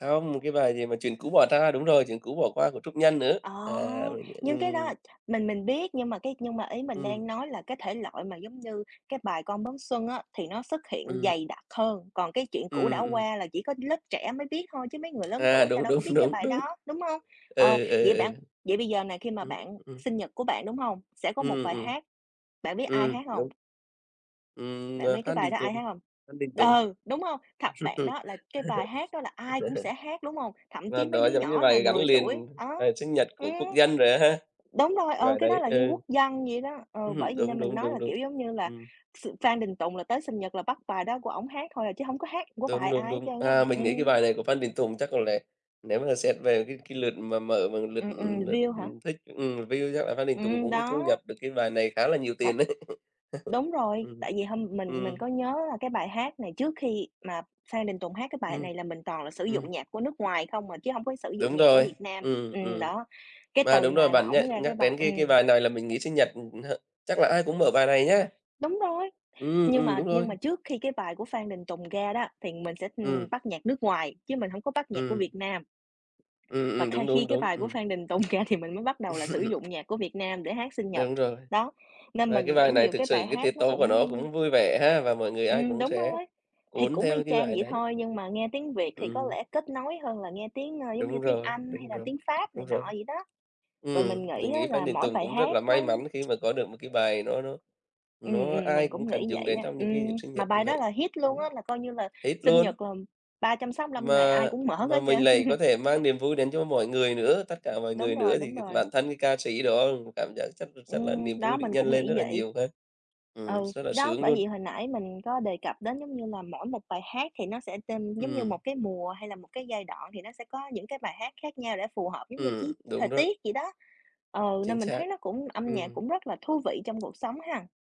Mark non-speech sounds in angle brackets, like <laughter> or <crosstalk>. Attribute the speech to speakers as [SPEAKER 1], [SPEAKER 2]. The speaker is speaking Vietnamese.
[SPEAKER 1] Không, cái bài gì mà chuyện cũ bỏ tra, đúng rồi, "Chuyện cũ bỏ qua" của Trúc Nhân nữa,
[SPEAKER 2] Ồ!
[SPEAKER 1] à, <unintelligible>
[SPEAKER 2] Nhưng cái đó
[SPEAKER 1] ừm.
[SPEAKER 2] là, mình mình biết nhưng mà cái nhưng mà ý mình
[SPEAKER 1] Ừm.
[SPEAKER 2] đang nói là cái thể loại mà giống như cái bài "Con bướm xuân" á, thì nó xuất hiện
[SPEAKER 1] Ừm.
[SPEAKER 2] dày đặc hơn. Còn cái "Chuyện cũ đã
[SPEAKER 1] Ừm, ừm.
[SPEAKER 2] qua" là chỉ có lớp trẻ mới biết thôi chứ mấy người lớn tuổi
[SPEAKER 1] À,
[SPEAKER 2] người ta
[SPEAKER 1] đúng,
[SPEAKER 2] đâu có
[SPEAKER 1] đúng,
[SPEAKER 2] biết cái
[SPEAKER 1] đúng,
[SPEAKER 2] bài
[SPEAKER 1] đúng.
[SPEAKER 2] đó, đúng hông? Ờ,
[SPEAKER 1] Ừ, ừ,
[SPEAKER 2] vậy bạn
[SPEAKER 1] ừ.
[SPEAKER 2] vậy bây giờ nè khi mà
[SPEAKER 1] Ừm,
[SPEAKER 2] bạn
[SPEAKER 1] ừm.
[SPEAKER 2] sinh nhật của bạn, đúng hông? Sẽ có một
[SPEAKER 1] Ừm, ừm,
[SPEAKER 2] bài
[SPEAKER 1] ừm.
[SPEAKER 2] hát, bạn biết ai
[SPEAKER 1] Ừm,
[SPEAKER 2] hát hông?
[SPEAKER 1] đúng. Ừm,
[SPEAKER 2] Bạn
[SPEAKER 1] ờ,
[SPEAKER 2] biết cái
[SPEAKER 1] Phan
[SPEAKER 2] bài
[SPEAKER 1] Đình
[SPEAKER 2] đó ai
[SPEAKER 1] Tùng,
[SPEAKER 2] hát hông?
[SPEAKER 1] Phan Đình Tùng,
[SPEAKER 2] Ừ, đúng hông? Thật, bạn đó là cái bài
[SPEAKER 1] <laughs>
[SPEAKER 2] hát đó là ai cũng sẽ hát, đúng hông? Thậm
[SPEAKER 1] ờ,
[SPEAKER 2] chí mấy
[SPEAKER 1] đó
[SPEAKER 2] đứa
[SPEAKER 1] giống như
[SPEAKER 2] nhỏ nà
[SPEAKER 1] bài gắn
[SPEAKER 2] 10 tuổi,
[SPEAKER 1] liền, à,
[SPEAKER 2] đó
[SPEAKER 1] sinh nhật
[SPEAKER 2] ừm,
[SPEAKER 1] của quốc dân rồi á ha.
[SPEAKER 2] đúng rồi, ừ,
[SPEAKER 1] Bài
[SPEAKER 2] cái đó
[SPEAKER 1] đấy
[SPEAKER 2] là như
[SPEAKER 1] ừ.
[SPEAKER 2] quốc dân vậy đó. Ừ,
[SPEAKER 1] Ừm
[SPEAKER 2] bởi
[SPEAKER 1] hưm,
[SPEAKER 2] vậy
[SPEAKER 1] đúng,
[SPEAKER 2] nên mình
[SPEAKER 1] đúng,
[SPEAKER 2] nói
[SPEAKER 1] đúng,
[SPEAKER 2] là,
[SPEAKER 1] đúng.
[SPEAKER 2] kiểu, giống như là
[SPEAKER 1] Ừm.
[SPEAKER 2] s Phan Đình Tùng là tới sinh nhật là bắt bài đó của ổng hát thôi à, chứ hổng có hát của
[SPEAKER 1] Đúng,
[SPEAKER 2] bài
[SPEAKER 1] đúng,
[SPEAKER 2] ai hết
[SPEAKER 1] đúng.
[SPEAKER 2] trơn á,
[SPEAKER 1] À, mình nghĩ cái
[SPEAKER 2] ừm.
[SPEAKER 1] bài này của Phan Đình Tùng chắc có lẽ nếu mà xét về cái cái lượt mà mở mà lượt,
[SPEAKER 2] Ừm, ừm.
[SPEAKER 1] ừm, lượt,
[SPEAKER 2] View hả?
[SPEAKER 1] ừm, thích ừm, view chắc là Phan Đình Tùng
[SPEAKER 2] Ừm,
[SPEAKER 1] cũng thu nhập
[SPEAKER 2] đó.
[SPEAKER 1] được cái bài này khá là nhiều tiền
[SPEAKER 2] Thật.
[SPEAKER 1] đấy. <laughs>
[SPEAKER 2] Đúng rồi,
[SPEAKER 1] Ừm,
[SPEAKER 2] tại vì hôm mình mình
[SPEAKER 1] ừm.
[SPEAKER 2] có nhớ là cái bài hát này trước khi mà Phan Đình Tùng hát cái bài
[SPEAKER 1] Ừm.
[SPEAKER 2] này là mình toàn là sử
[SPEAKER 1] Ừm.
[SPEAKER 2] dụng nhạc của nước ngoài không à, chứ hông có sử dụng
[SPEAKER 1] Đúng
[SPEAKER 2] nhạc của
[SPEAKER 1] rồi,
[SPEAKER 2] Việt Nam.
[SPEAKER 1] ừm,
[SPEAKER 2] Ừm,
[SPEAKER 1] ừm.
[SPEAKER 2] đó, cái
[SPEAKER 1] Mà
[SPEAKER 2] từ
[SPEAKER 1] đúng rồi,
[SPEAKER 2] ngày mà
[SPEAKER 1] bạn
[SPEAKER 2] ổng
[SPEAKER 1] nh
[SPEAKER 2] ra cái
[SPEAKER 1] nhắc
[SPEAKER 2] bài
[SPEAKER 1] đến cái cái
[SPEAKER 2] ừm.
[SPEAKER 1] bài này là mình nghĩ sinh nhật, ừm, hơ, chắc là ai cũng mở bài này nhá.
[SPEAKER 2] Đúng rồi,
[SPEAKER 1] Ừm,
[SPEAKER 2] nhưng
[SPEAKER 1] ừm,
[SPEAKER 2] mà
[SPEAKER 1] đúng rồi.
[SPEAKER 2] nhưng mà trước khi cái bài của Phan Đình Tùng ra đó, thì mình, ừm, sẽ
[SPEAKER 1] Ừm.
[SPEAKER 2] bắt nhạc nước ngoài, chứ mình hổng có bắt nhạc của Việt
[SPEAKER 1] Ừm.
[SPEAKER 2] Nam.
[SPEAKER 1] Ừm,
[SPEAKER 2] Và
[SPEAKER 1] ừm,
[SPEAKER 2] khai
[SPEAKER 1] đúng, đúng,
[SPEAKER 2] khi cái
[SPEAKER 1] đúng,
[SPEAKER 2] bài của Phan Đình Tùng ra thì mình mới bắt đầu là sử
[SPEAKER 1] <laughs>
[SPEAKER 2] dụng nhạc của Việt Nam để hát sinh nhật.
[SPEAKER 1] Đúng rồi.
[SPEAKER 2] Đó, nên
[SPEAKER 1] Và
[SPEAKER 2] mình
[SPEAKER 1] cái
[SPEAKER 2] nghĩ
[SPEAKER 1] bài này
[SPEAKER 2] nhiều
[SPEAKER 1] thực
[SPEAKER 2] cái
[SPEAKER 1] sự
[SPEAKER 2] bài
[SPEAKER 1] cái tiết
[SPEAKER 2] hát nó
[SPEAKER 1] tấu của nó
[SPEAKER 2] cũng, ưm
[SPEAKER 1] cũng vui vẻ ha và mọi người ai
[SPEAKER 2] Ừm,
[SPEAKER 1] cũng
[SPEAKER 2] đúng
[SPEAKER 1] sẽ
[SPEAKER 2] rồi. Thì
[SPEAKER 1] cuốn
[SPEAKER 2] cũng y
[SPEAKER 1] theo cái
[SPEAKER 2] chang
[SPEAKER 1] bài
[SPEAKER 2] vậy
[SPEAKER 1] đấy.
[SPEAKER 2] thôi, nhưng mà nghe tiếng Việt thì có
[SPEAKER 1] Ừm.
[SPEAKER 2] lẽ kết nối hơn là nghe tiếng, ơ, giống như
[SPEAKER 1] Đúng
[SPEAKER 2] tiếng
[SPEAKER 1] rồi,
[SPEAKER 2] Anh hay
[SPEAKER 1] đúng
[SPEAKER 2] là
[SPEAKER 1] rồi,
[SPEAKER 2] tiếng Pháp này
[SPEAKER 1] đúng rồi.
[SPEAKER 2] nọ vậy đó. Rồi
[SPEAKER 1] Ừm,
[SPEAKER 2] mình
[SPEAKER 1] mình
[SPEAKER 2] nghĩ á
[SPEAKER 1] nghĩ Phan
[SPEAKER 2] là
[SPEAKER 1] Đình
[SPEAKER 2] mỗi
[SPEAKER 1] Tùng
[SPEAKER 2] bài
[SPEAKER 1] cũng rất
[SPEAKER 2] hát
[SPEAKER 1] là
[SPEAKER 2] nó
[SPEAKER 1] may mắn khi
[SPEAKER 2] <tsk>
[SPEAKER 1] mà có được một cái bài nó nó
[SPEAKER 2] Ừm,
[SPEAKER 1] nó
[SPEAKER 2] ừm,
[SPEAKER 1] ai
[SPEAKER 2] mình
[SPEAKER 1] cũng
[SPEAKER 2] cũng
[SPEAKER 1] cần
[SPEAKER 2] nghĩ
[SPEAKER 1] dùng
[SPEAKER 2] vậy
[SPEAKER 1] đến
[SPEAKER 2] á.
[SPEAKER 1] trong những cái dịp
[SPEAKER 2] Ừm,
[SPEAKER 1] sinh
[SPEAKER 2] mà
[SPEAKER 1] nhật như
[SPEAKER 2] bài đó
[SPEAKER 1] vậy.
[SPEAKER 2] là hit luôn á,
[SPEAKER 1] Ừm.
[SPEAKER 2] là coi như là
[SPEAKER 1] Hit
[SPEAKER 2] sinh
[SPEAKER 1] luôn.
[SPEAKER 2] nhật làm 365 ngày ai
[SPEAKER 1] Mà
[SPEAKER 2] cũng mở
[SPEAKER 1] mà
[SPEAKER 2] hết
[SPEAKER 1] mình
[SPEAKER 2] trơn.
[SPEAKER 1] lại có
[SPEAKER 2] <chuckles>
[SPEAKER 1] thể mang niềm vui đến cho mọi người nữa, tất cả mọi
[SPEAKER 2] Đúng
[SPEAKER 1] người
[SPEAKER 2] rồi,
[SPEAKER 1] nữa, thì
[SPEAKER 2] đúng
[SPEAKER 1] <unintelligible>
[SPEAKER 2] rồi.
[SPEAKER 1] bản thân cái ca sĩ đó cũng cảm giác chắc là chắc là niềm
[SPEAKER 2] Ừm, đó,
[SPEAKER 1] vui được
[SPEAKER 2] mình
[SPEAKER 1] nhân
[SPEAKER 2] cũng
[SPEAKER 1] lên
[SPEAKER 2] nghĩ
[SPEAKER 1] rất là
[SPEAKER 2] vậy.
[SPEAKER 1] nhiều ha. Ừm,
[SPEAKER 2] Ừ,
[SPEAKER 1] rất là
[SPEAKER 2] đó,
[SPEAKER 1] sướng
[SPEAKER 2] bởi
[SPEAKER 1] luôn.
[SPEAKER 2] vậy hồi nãy mình có đề cập đến giống như là mỗi một bài hát thì nó sẽ tên giống như một
[SPEAKER 1] Ừm.
[SPEAKER 2] cái mùa hay là một cái giai đoạn thì nó sẽ có những cái bài hát khác nhau để phù hợp giống như
[SPEAKER 1] Ừm,
[SPEAKER 2] chí
[SPEAKER 1] đúng
[SPEAKER 2] thời
[SPEAKER 1] đó.
[SPEAKER 2] tiết vậy đó. Ừ,
[SPEAKER 1] Chính
[SPEAKER 2] nên mình
[SPEAKER 1] xác.
[SPEAKER 2] thấy nó cũng âm nhạc
[SPEAKER 1] Ừm.
[SPEAKER 2] cũng rất là thú vị trong cuộc sống ha.